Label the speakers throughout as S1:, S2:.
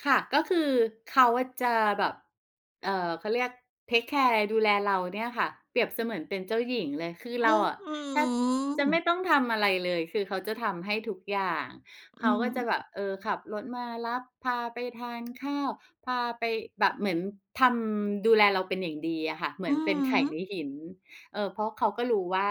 S1: ค่ะ ก็คือเขาจะแบบ เอ่อ เขาเรียกเทกแคร์ดูแลเราเนี่ยค่ะเปรียบเสมือนเป็นเจ้าหญิงเลย คือ
S2: อ
S1: เร
S2: ื้
S1: า
S2: อ
S1: อะ
S2: ฮื
S1: แทบจะไม่
S2: อ
S1: ต้องทำอะไรเลย คือเขาจะทำให้ทุกอย่าง
S2: อ
S1: เ
S2: ื
S1: ขา
S2: อฮ
S1: ก็จ
S2: ึ
S1: ะแบบ เออ ขับรถมารับ พาไปทานข้าว พาไปแบบ เหมือนทำ ดูแลเราเป็นอย่างดีอะค่ะ เหมื
S2: อ
S1: อ
S2: ื
S1: นเป็น
S2: อ
S1: ไข่
S2: ฮึ
S1: ในหิน เออ เพราะเขาก็รู้ว่า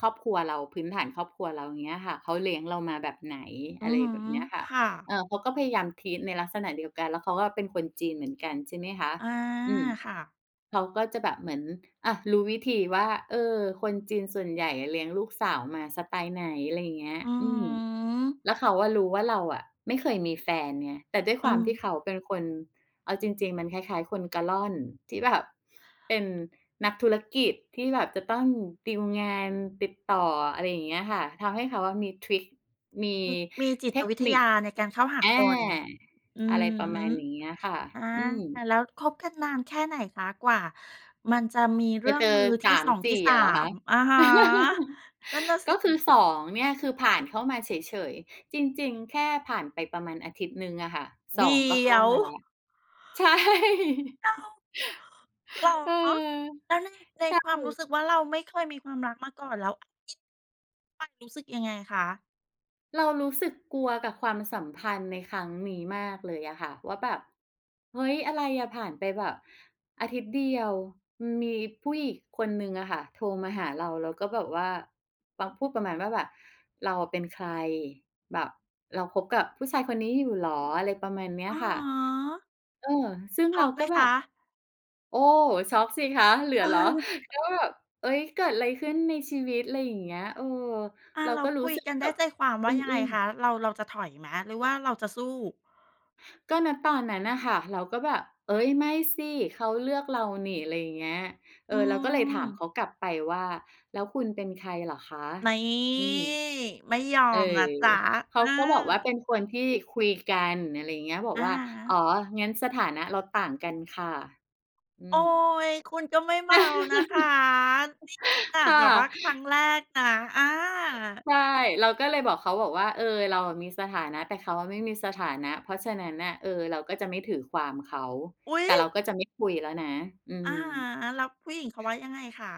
S1: ครอบครัวเรา พื้นฐานครอบครัวเรา เงี้ยค่ะ เขาเลี้ยงเรามาแบบไหน
S2: อื
S1: อะ
S2: อ
S1: ไร
S2: ฮึ
S1: แบบเนี้ยค่ะ
S2: ค่ะ
S1: เอ่อ เขาก็พยายาม treat ในลักษณะเดียวกัน แล้วเขาก็เป็นคนจีน เหมือนกัน ใช่ไหมคะ
S2: อา
S1: อืม
S2: ค่ะ
S1: เขาก็จะแบบเหมือน อา รู้วิธีว่า เออ คนจีนส่วนใหญ่เลี้ยงลูกสาวมาสไตล์ไหน อะไรอย่างเงี้ย
S2: อือ
S1: อืม
S2: ฮึ
S1: แล้วเขาอะรู้ว่าเราอะไม่เคยมีแฟนไง แต่ด้วยค
S2: อื
S1: วามที่
S2: ม
S1: เขาเป็นคน เอาจริง ๆ มันคล้าย ๆ คนกะล่อนที่แบบเป็นนักธุรกิจ ที่แบบจะต้องตีลงาน ติดต่อ อะไรอย่างเงี้ยค่ะ ทำให้เขาอะมีทริก มี
S2: อือ มีจิ
S1: เท
S2: ต
S1: ค
S2: วิท
S1: นิ
S2: ยา
S1: ค
S2: ในการเข้าหา
S1: อ
S2: ค
S1: า
S2: น อื
S1: อะไร
S2: อ
S1: ประ
S2: ฮ
S1: ม
S2: ึ
S1: าณอย่างเงี้ยค่ะ
S2: อา
S1: อือ
S2: แล้วคบกันนานแค่ไหนคะ กว่ามันจะมีเร
S1: จ
S2: ื่
S1: ะ
S2: อ
S1: เ
S2: ง
S1: จ
S2: ม
S1: อ
S2: ือท
S1: ส
S2: ี่
S1: า
S2: ส
S1: ม
S2: อง
S1: ส
S2: ที
S1: ี
S2: ่
S1: ่
S2: สา
S1: อะเหรอค
S2: ม?
S1: ะ?
S2: อะฮะ นั่นน่ะส
S1: ก
S2: ิ
S1: ็คือ 2 เนี่ย คือผ่านเข้ามาเฉย ๆ จริง ๆ แค่ผ่านไปประมาณอาทิตย์หนึ่งอะค่ะ ส
S2: เดี
S1: อง ก็เข
S2: ๋
S1: ้
S2: ย
S1: า
S2: ว
S1: มาแล้ว ใช่
S2: อ้าว! เหรอ
S1: เออ
S2: แล้ว
S1: ใ
S2: ใ
S1: ช
S2: น ในความ
S1: ่
S2: รู้สึกว่า เราไม่เคยมีความรักมาก่อน แล้ว มันรู้สึกยังไงคะ?
S1: เรารู้สึกกลัวกับความสัมพันธ์ในครั้งนี้มากเลยอะค่ะ ว่าแบบเฮ้ย อะไรอะ ผ่านไปแบบอาทิตย์เดียว มีผู้หญิงคนหนึ่งอะค่ะโทรมาหาเรา แล้วก็แบบว่ามาพูดประมาณว่าแบบ "เราอะเป็นใคร? แบบเราคบกับผู้ชายคนนี้อยู่เหรอ?" อะไรประมาณเนี้ย
S2: อะ
S1: ค่ะ
S2: ฮะ
S1: เออ ซึ่ง
S2: ช
S1: เร
S2: ็
S1: า
S2: อกไห
S1: ก
S2: ม
S1: ็แบ
S2: ค
S1: บ
S2: ะ?
S1: โอ้! ช็อกสิคะ เหลือเหรอ ก็แบบ "เอ๊ย เกิดอะไรขึ้นในชีวิต?" อะไรอย่างเงี้ย เออ
S2: อา
S1: เรา
S2: แล้
S1: ก
S2: ว
S1: ็รู
S2: ค
S1: ้
S2: ุย
S1: สึก
S2: กันไ
S1: แบ
S2: ด้
S1: บ
S2: ใจความว
S1: อึ
S2: ่ายังไง
S1: ้ง
S2: ค
S1: ๆ
S2: ะ? เรา เราจะถอยไหม หรือว่าเราจะสู้?
S1: ก็ ณ ตอนนั้นน่ะค่ะ เราก็แบบ "เอ๊ย ไม่สิ เขาเลือกเรานี่" อะไรอย่างเงี้ย เอ
S2: อื
S1: อ เราก็เลยถามเข
S2: ม
S1: ากลับไปว่า "แล้วคุณเป็นใครเหรอคะ?"
S2: นี่!
S1: อืม
S2: ไม่ยอ
S1: เออ
S2: มนะจ๊ะ
S1: เข
S2: เอ
S1: าก็บอกว่า
S2: อ
S1: เป็นคนที่คุยกัน อะไรอย่างเงี้ย บอ
S2: อ
S1: ก
S2: ะ
S1: ว่า
S2: ฮ
S1: "อ๋
S2: ะ
S1: อ งั้นสถานะเราต่างกันค่ะ" อื
S2: โอ๊
S1: ม
S2: ย! คุณก็ไม่เบานะคะ นี่ขนา
S1: ค
S2: ดอาจ
S1: ่
S2: แ
S1: ะ
S2: บบว่าครั้งแรกนะ อา
S1: ใช่ เราก็เลยบอกเขาบอกว่า "เออ เราอะมีสถานะ แต่เขาอะไม่มีสถานะ เพราะฉะนั้นน่ะ เออ เราก็จะไม่ถือความเขา"
S2: อุ๊ย!
S1: แต่เราก็จะไม่คุยแล้วนะ อื
S2: อะ
S1: ม
S2: ฮะ แล้วผู้หญิงเขาว่ายังไงคะ?